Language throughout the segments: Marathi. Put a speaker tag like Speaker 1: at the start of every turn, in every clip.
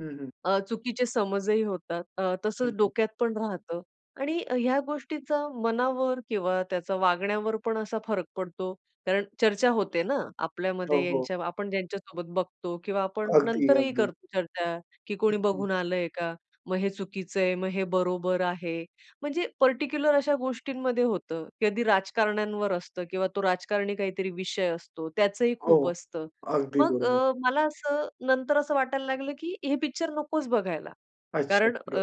Speaker 1: हं, हं.
Speaker 2: अ, चुकीचे समजही होतात. अ,
Speaker 1: हं,
Speaker 2: तसंच
Speaker 1: हं.
Speaker 2: डोक्यात पण राहतं आणि अ, ह्या गोष्टींचा मनावर किंवा त्याचा वागण्यावर पण असा फरक पडतो, कारण चर्चा होते ना
Speaker 1: हो,
Speaker 2: आपल्यामध्ये
Speaker 1: हो.
Speaker 2: यांच आपण ज्यांच्यासोबत बघतो किंवा आपण
Speaker 1: अगदी,
Speaker 2: नंतरही
Speaker 1: अगदी.
Speaker 2: करतो चर्चा, की कोणी
Speaker 1: हं.
Speaker 2: बघून आलं आहे का. मग हे चुकीचं आहे, मग हे बरोबर आहे. म्हणजे पर्टिकुलर अशा गोष्टींमध्ये होतं. कधी राजकारण्यांवर असतं किंवा तो राजकारणी काहीतरी विषय असतो, त्याचंही खूप
Speaker 1: हो,
Speaker 2: असतं.
Speaker 1: अगदी
Speaker 2: मग
Speaker 1: बरोबर.
Speaker 2: अ, मला असं नंतर असं वाटायला लागलं, की हे पिक्चर नकोच बघायला,
Speaker 1: अच्छा.
Speaker 2: कारण अ,
Speaker 1: प्र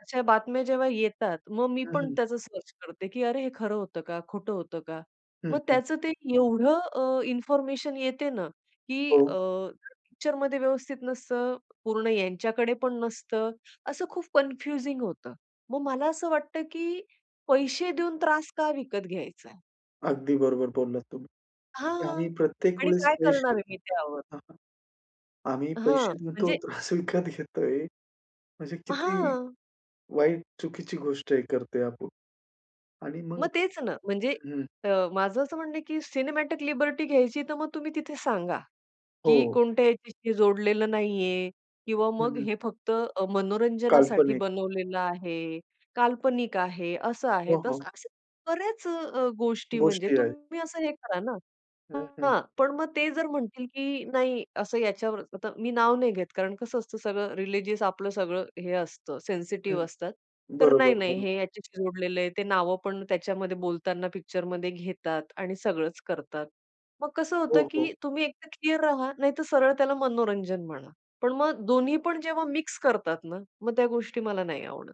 Speaker 2: अशा बातम्या जेव्हा येतात, मग मी
Speaker 1: हं,
Speaker 2: पण
Speaker 1: हं.
Speaker 2: त्याच सर्च करते, की अरे, हे खरं होतं का खोटं होतं का.
Speaker 1: हं,
Speaker 2: मग
Speaker 1: हं.
Speaker 2: त्याच ते एवढं अ, इन्फॉर्मेशन येते ना, की
Speaker 1: हो.
Speaker 2: अ, पिक्चरमध्ये व्यवस्थित नसतं, पूर्ण यांच्याकडेपण नसतं. असं खूप कन्फ्युजिंग होतं. मग मला असं वाटतं, की पैसे देऊन त्रास का विकत घ्यायचा आहे.
Speaker 1: अगदी बरोबर बोललात तुम्ही.
Speaker 2: हां,
Speaker 1: आम्ही प्रत्येक
Speaker 2: आणि
Speaker 1: वेळेस
Speaker 2: काय करणार
Speaker 1: पैसे
Speaker 2: आहे मी त्यावर?
Speaker 1: हां, आम्ही
Speaker 2: हां.
Speaker 1: पैसे देतो,
Speaker 2: म्हणजे
Speaker 1: त्रास विकत घेतोय. म्हणजे किती
Speaker 2: हां.
Speaker 1: वाईट, चुकीची गोष्ट आहे, करतोय आपण आणि मग
Speaker 2: मग तेच ना. म्हणजे
Speaker 1: हं.
Speaker 2: अ, माझं असं म्हणणं आहे, की सिनेमॅटिक लिबर्टी घ्यायची, तर मग तुम्ही तिथे सांगा, की
Speaker 1: हो.
Speaker 2: कोणत्याही व्यक्तीशी जोडलेलं नाही आहे किंवा
Speaker 1: हं,
Speaker 2: मग
Speaker 1: हं.
Speaker 2: हे फक्त अ, मनोरंजनासाठी
Speaker 1: काल्पनिक.
Speaker 2: बनवलेलं आहे. काल्पनिक आहे, असं आहे.
Speaker 1: हो,
Speaker 2: तसं
Speaker 1: हो.
Speaker 2: तर अशा बऱ्याच अ, अ, गोष्टी म्हणजे
Speaker 1: गोष्टी आहेत.
Speaker 2: तुम्ही असं हे करा ना.
Speaker 1: हं, हं.
Speaker 2: हां, पण मग ते जर म्हणतील, की नाही, असं याच्यावर. आता मी नाव नाही घेत, कारण कसं असतं, सगळं रिलिजियस आपलं सगळं हे असतं,
Speaker 1: हं.
Speaker 2: सेन्सिटिव्ह असतात. तर नाही,
Speaker 1: बरोबर,
Speaker 2: नाही,
Speaker 1: बरोबर.
Speaker 2: हे ह्याच्याशी जोडलेलं आहे, ते नावंपण त्याच्यामध्ये बोलताना पिक्चरमध्ये घेतात आणि सगळंच करतात. मग कसं होतं,
Speaker 1: हो, हो.
Speaker 2: की तुम्ही एक तर क्लिअर राहा, नाहीतर सरळ त्याला मनोरंजन म्हणा. पण मग दोन्हीपण जेव्हा मिक्स करतात ना, मग त्या गोष्टी मला नाही आवडत.